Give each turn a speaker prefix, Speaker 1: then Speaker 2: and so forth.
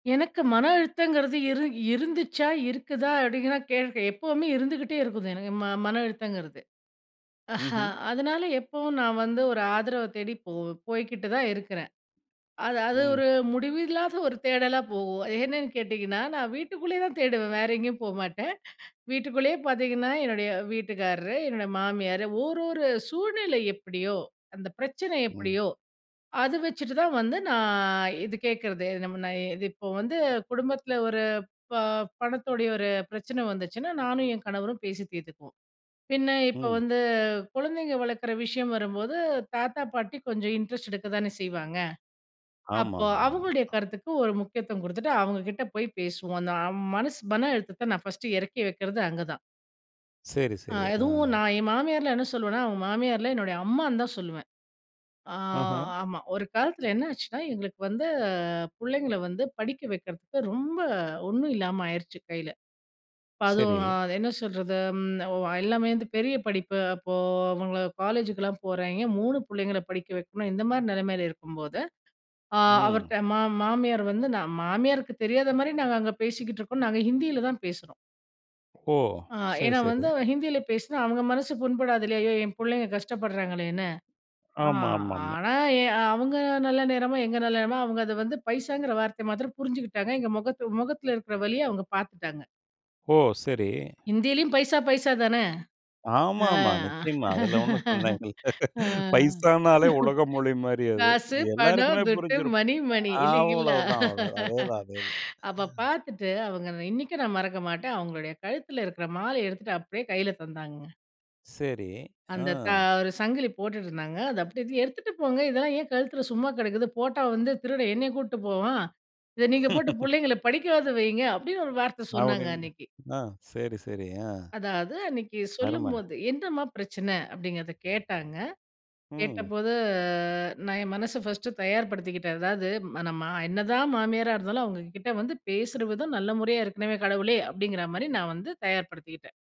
Speaker 1: எனக்கு மன அழுத்தங்கிறது இரு இருந்துச்சா இருக்குதா அப்டிங்கன்னா கேட்கேன். எப்பவுமே இருந்துகிட்டே இருக்குது, எனக்கு ம மன அழுத்தங்கிறது.
Speaker 2: ம்ஹ்ம்.
Speaker 1: அதனால எப்பவும் நான் வந்து ஒரு ஆதரவ தேடிப் போ போய்கிட்டுதான் இருக்கிறேன். அது அது
Speaker 2: ம்.
Speaker 1: ஒரு முடிவில்லாத ஒரு தேடலாப் போகும். என்னன்னு கேட்டீங்கன்னா, நான் வீட்டுக்குள்ளேயேதான் தேடுவேன். வேற எங்கேயும் போமாட்டேன். வீட்டுக்குள்ளேயே பாத்தீங்கன்னா, என்னுடைய வீட்டுக்காரரு, என்னுடைய மாமியாரு, ஓரொரு சூழ்நிலை எப்டியோ, அந்த பிரச்சனை
Speaker 2: ம்.
Speaker 1: எப்டியோ அத வச்சுட்டுதான் வந்து நான் இது கேக்குறது. நா இப்போ வந்து குடும்பத்துல ஒரு ப பணத்தோடைய ஒரு பிரச்சனை வந்துச்சுன்னா நானும் என் கணவரும் பேசி தீர்த்துக்குவோம். பின்ன இப்ப
Speaker 2: ம்.
Speaker 1: வந்து குழந்தைங்க வளர்க்குற விஷயம் வரும்போது, தாத்தா பாட்டி கொஞ்சம் இன்ட்ரெஸ்ட் எடுக்கத்தானே செய்வாங்க. அப்போ
Speaker 2: ஆமாமா,
Speaker 1: அவங்களுடைய
Speaker 2: ஆமா.
Speaker 1: கருத்துக்கு ஒரு முக்கியத்துவம் குடுத்துட்டு அவங்க கிட்ட போய்ப் பேசுவோம். அந்த மனசு மன அழுத்தத்தை நான் ஃபர்ஸ்ட் இறக்கி வைக்கிறது அங்கதான்.
Speaker 2: சரி,
Speaker 1: அ
Speaker 2: சரி, ஆ.
Speaker 1: எதுவும் நான் என் மாமியார என்ன சொல்லுவேன்னா, அவங்க மாமியார் இல்ல, என்னுடைய அம்மான்னுதான் சொல்லுவேன். ஆ
Speaker 2: ஆஹ்ம்.
Speaker 1: ஆமா, ஒரு காலத்துல என்ன ஆச்சுன்னா எங்களுக்கு வந்து பிள்ளைங்கள படிக்க வைக்கிறதுக்கு ரொம்ப ஒண்ணும் இல்லாம ஆயிருச்சு கையில. அப்ப அதும்
Speaker 2: சரி.
Speaker 1: என்ன சொல்றது, ஓ எல்லாமே பெரிய படிப்பு. அப்போ அவங்க காலேஜுக்குலாம் போறாய்ங்க. 3 பிள்ளைங்கள படிக்க வைக்கணும். இந்த மாரி நிலைமையில இருக்கும்போது, ஆ
Speaker 2: ம்.
Speaker 1: அவர்ட்ட ம மாமியார் வந்து, மாமியாருக்கு தெரியாத மாரி நாங்க அங்கே பேசிக்கிட்டு இருக்கோம். நாங்க ஹிந்தியிலதான் பேசுறோம்.
Speaker 2: ஓ,
Speaker 1: ஆ
Speaker 2: சரி,
Speaker 1: ஏன்னா வந்து
Speaker 2: சரி.
Speaker 1: ஹிந்தியில பேசுனா அவங்க மனசு புண்படாது இல்லையா, ஐயோ என் பிள்ளைங்க கஷ்டப்படுறாங்களேன்னு. அ
Speaker 2: ஆமா, ஆமா, ஆமா.
Speaker 1: ஆனா எ அவங்க நல்ல நேரமோ எங்க நல்ல நேரமோ அவங்க அத வந்து பைசாங்கற வார்த்தைய மாத்திரம் புரிஞ்சுக்கிட்டாங்க எங்க முகத்து முகத்துல இருக்கிற வலிய அவங்க பார்த்துட்டாங்க.
Speaker 2: ஓ! சரி.
Speaker 1: ஹிந்திலயும் பைசா பைசா தானே!
Speaker 2: ஆமா,
Speaker 1: அ,
Speaker 2: ஆமா, நிச்சியமா. அதுல ஒண்ணும் சந்தேகம் இல்ல.
Speaker 1: அ,
Speaker 2: பைசானாலே உலக மொழி மாரி அது.
Speaker 1: காசு, பணம்,
Speaker 2: எல்லாருக்குமே
Speaker 1: துட்டு
Speaker 2: புரிஞ்சிருக்கும்.
Speaker 1: மணி, மணி, இல்லைங்களா.
Speaker 2: அவ்வளவுதான் அவ்வளவுதான், அதேதான் அதேதான்.
Speaker 1: அப்போ பார்த்துட்டு அவங்க இன்னைக்கும் நான் மறக்க மாட்டே அவங்களுடைய கழுத்துல இருக்கிற மாலை எடுத்துட்டு அப்டியே கைல தந்தாங்கங்க.
Speaker 2: சரி, ஆ.
Speaker 1: அந்த தா ஒரு சங்கிலி போட்டுட்டு இருந்தாங்க. அதை எடுத்து எடுத்துட்டு போங்க இதெல்லாம் ஏன் கழுத்துல சும்மா கடக்குது. போட்டா வந்து திருட என்னய கூட்டு போவான். இத நீங்க போட்டு புள்ளைங்கள படிக்கவாது வையுங்க அப்டின்று ஒரு வார்த்த சொன்னாங்க
Speaker 2: அப்டின்னு
Speaker 1: அன்னைக்கு.
Speaker 2: ஆ சரி, சரி. ஆ.
Speaker 1: அதாவது அன்னைக்கு
Speaker 2: அரும.
Speaker 1: சொல்லும்போது, என்னம்மா பிரச்சனை அப்டின்றத கேட்டாங்க.
Speaker 2: ம்.
Speaker 1: கேட்டபோது அ நான் என் மனசை ஃபர்ஸ்ட் தயார்படுத்திக்கிட்டேன். அதாவது நம்ம என்னதான் மாமியாரா இருந்தாலும் அவங்க கிட்ட வந்து பேசுற விதம் நல்ல முறையா இருக்கணும் கடவுளே, அப்டிங்குற மாரி நான் வந்து தயார்படுத்திகிட்டேன்.